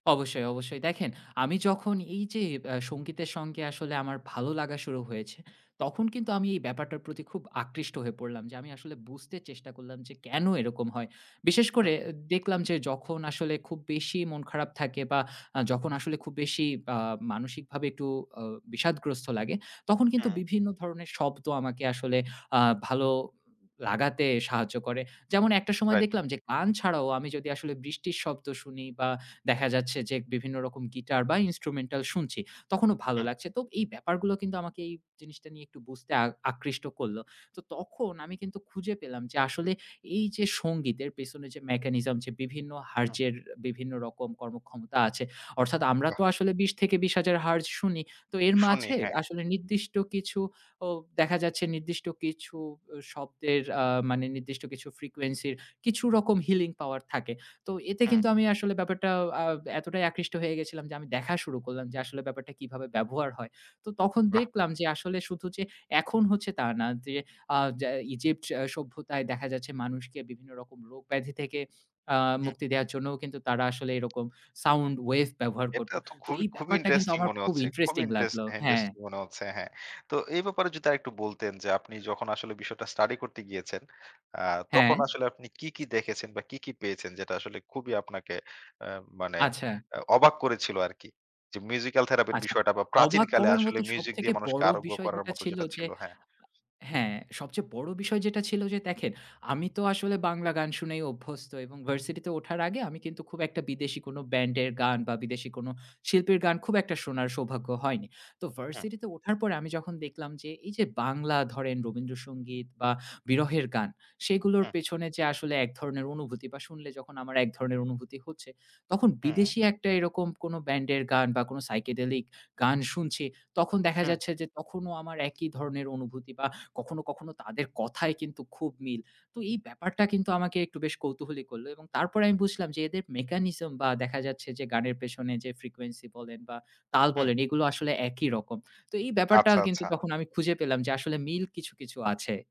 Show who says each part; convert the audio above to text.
Speaker 1: অবশ্যই, অবশ্যই। দেখেন আমি যখন এইযে ব্যা সংগীতের সঙ্গে আসলে আমার ভালো লাগা শুরু হয়েছে, তখন কিন্তু আমি এই ব্যাপারটার প্রতি খুব আকৃষ্ট হয়ে পড়লাম। যে আমি আসলে বুঝতে চেষ্টা করলাম যে, কেন এরকম হয়? বিশেষ করে
Speaker 2: হুম।
Speaker 1: এ দেখলাম যে, যখন আসলে খুব বেশি মন খারাপ থাকে বা, আ যখন আসলে খুব বেশি বা মানসিকভাবে একটু অ বিষাদগ্রস্ত লাগে, তখন কিন্তু
Speaker 2: হুম।
Speaker 1: বিভিন্ন ধরনের শব্দ আমাকে আসলে আ ভালো উ লাগাতে সাহায্য করে। যেমন একটা সময়
Speaker 2: রাইট।
Speaker 1: দেখলাম যে, গান ছাড়াও আমি যদি আসলে বৃষ্টির শব্দ শুনি বা, দেখা যাচ্ছে যে, বিভিন্ন রকম গিটার বা, ইনস্ট্রুমেন্টাল শুনছি, তখনও ভালো
Speaker 2: হুম।
Speaker 1: লাগছে। তো এই ব্যাপারগুলো কিন্তু আমাকে এই জিনিসটা নিয়ে একটু বুঝতে আ আকৃষ্ট করলো। তো তখন আমি কিন্তু খুঁজে পেলাম যে, আসলে এইযে সংগীতের পেছনে যে mechanism, যে বিভিন্ন hertz
Speaker 2: হুম।
Speaker 1: এর বিভিন্ন রকম কর্মক্ষমতা আছে। অর্থাৎ, আমরা তো
Speaker 2: বাহ!
Speaker 1: আসলে ২০ থেকে ২০, ০০০ Hz শুনি। তো এর
Speaker 2: শুনি,
Speaker 1: মাঝে
Speaker 2: হ্যাঁ।
Speaker 1: আসলে নির্দিষ্ট কিছু ও দেখা যাচ্ছে, নির্দিষ্ট কিছু অ শব্দের আ মানে নির্দিষ্ট কিছু frequency র, কিছু রকম healing power থাকে। তো এতে
Speaker 2: হুম।
Speaker 1: কিন্তু আমি আসলে ব্যাপারটা আ এতটাই আকৃষ্ট হয়ে গেছিলাম যে, আমি দেখা শুরু করলাম যে আসলে ব্যাপারটা কিভাবে ব্যবহার হয়। তো তখন
Speaker 2: বাহ!
Speaker 1: দেখলাম যে, আসলে শুধু যে এখন হচ্ছে তা না, যে আ যে Egypt সভ্যতায় দেখা যাচ্ছে, মানুষকে বিভিন্ন রকম রোগ ব্যাধি থেকে আ
Speaker 2: হুম।
Speaker 1: মুক্তি দেওয়ার জন্যও কিন্তু, তারা আসলে এরকম sound wave ব্যবহার
Speaker 2: এটা
Speaker 1: করতো।
Speaker 2: তো
Speaker 1: তো
Speaker 2: খুবই,
Speaker 1: এই
Speaker 2: খুবই
Speaker 1: ব্যাপারটা কিন্তু
Speaker 2: ইন্টারেস্টিং
Speaker 1: আমার
Speaker 2: মনে
Speaker 1: খুব
Speaker 2: হচ্ছে। খুবই
Speaker 1: ইন্টারেস্টিং
Speaker 2: ইন্টারেস্ট
Speaker 1: লাগলো। হ্যাঁ।
Speaker 2: ইন্টারেস্টিং মনে হচ্ছে। হ্যাঁ। তো এই ব্যাপারে যদি আরেকটু বলতেন যে, আপনি যখন আসলে বিষয়টা স্টাডি করতে গিয়েছেন, আ
Speaker 1: হ্যাঁ।
Speaker 2: তখন আসলে আপনি কি, কি দেখেছেন বা কি, কি পেয়েছেন, যেটা আসলে খুবই আপনাকে অ্যা মানে
Speaker 1: আচ্ছা।
Speaker 2: এ অবাক করেছিল আরকি? যে মিউজিক্যাল থেরাপির
Speaker 1: আচ্ছা,
Speaker 2: বিষয়টা বা,
Speaker 1: অবাক
Speaker 2: প্রাচীনকালে
Speaker 1: করার
Speaker 2: আসলে
Speaker 1: মতো
Speaker 2: মিউজিক
Speaker 1: সবথেকে
Speaker 2: দিয়ে মানুষকে
Speaker 1: বড়
Speaker 2: আরোগ্য
Speaker 1: বিষয়
Speaker 2: করার
Speaker 1: যেটা
Speaker 2: মত
Speaker 1: ছিল
Speaker 2: যেটা
Speaker 1: যে
Speaker 2: ছিল হ্যাঁ।
Speaker 1: হ্যাঁ, সবচেয়ে বড় বিষয় যেটা ছিল যে দেখেন, আমি তো আসলে বাংলা গান শুনেই অভ্যস্ত এবং ভার্সিটিতে ওঠার আগে আমি কিন্তু খুব একটা বিদেশী কোনো ব্যান্ডের গান বা, বিদেশী কোনো শিল্পীর গান খুব একটা শোনার সৌভাগ্য হয়নি। তো
Speaker 2: হু।
Speaker 1: ভার্সিটিতে ওঠার পরে আমি যখন দেখলাম যে, এইযে বাংলা ধরেন রবীন্দ্রসঙ্গীত বা, বিরহের গান, সেগুলোর
Speaker 2: হুম।
Speaker 1: পেছনে যে আসলে এক ধরনের অনুভূতি বা, শুনলে যখন আমার এক ধরনের অনুভূতি হচ্ছে। তখন
Speaker 2: হুম।
Speaker 1: বিদেশী একটা এরকম কোন ব্যান্ডের গান বা, কোনো psychedelic গান শুনছি। তখন দেখা
Speaker 2: হুম।
Speaker 1: যাচ্ছে যে, তখনো আমার একই ধরনের অনুভূতি বা কখনো, কখনো তাদের কথায় কিন্তু খুব মিল। তো এই ব্যাপারটা কিন্তু আমাকে একটু বেশ কৌতূহলী করলো। এবং তারপর আমি বুঝলাম যে, এদের mechanism বা দেখা যাচ্ছে যে গানের পেছনে যে frequency বলেন বা, তাল
Speaker 2: হুম।
Speaker 1: বলেন, এগুলো আসলে একই রকম। তো এই ব্যাপারটা
Speaker 2: আচ্ছা,
Speaker 1: আর কিন্তু
Speaker 2: আচ্ছা।
Speaker 1: তখন আমি খুঁজে পেলাম যে, আসলে মিল কিছু, কিছু আছে।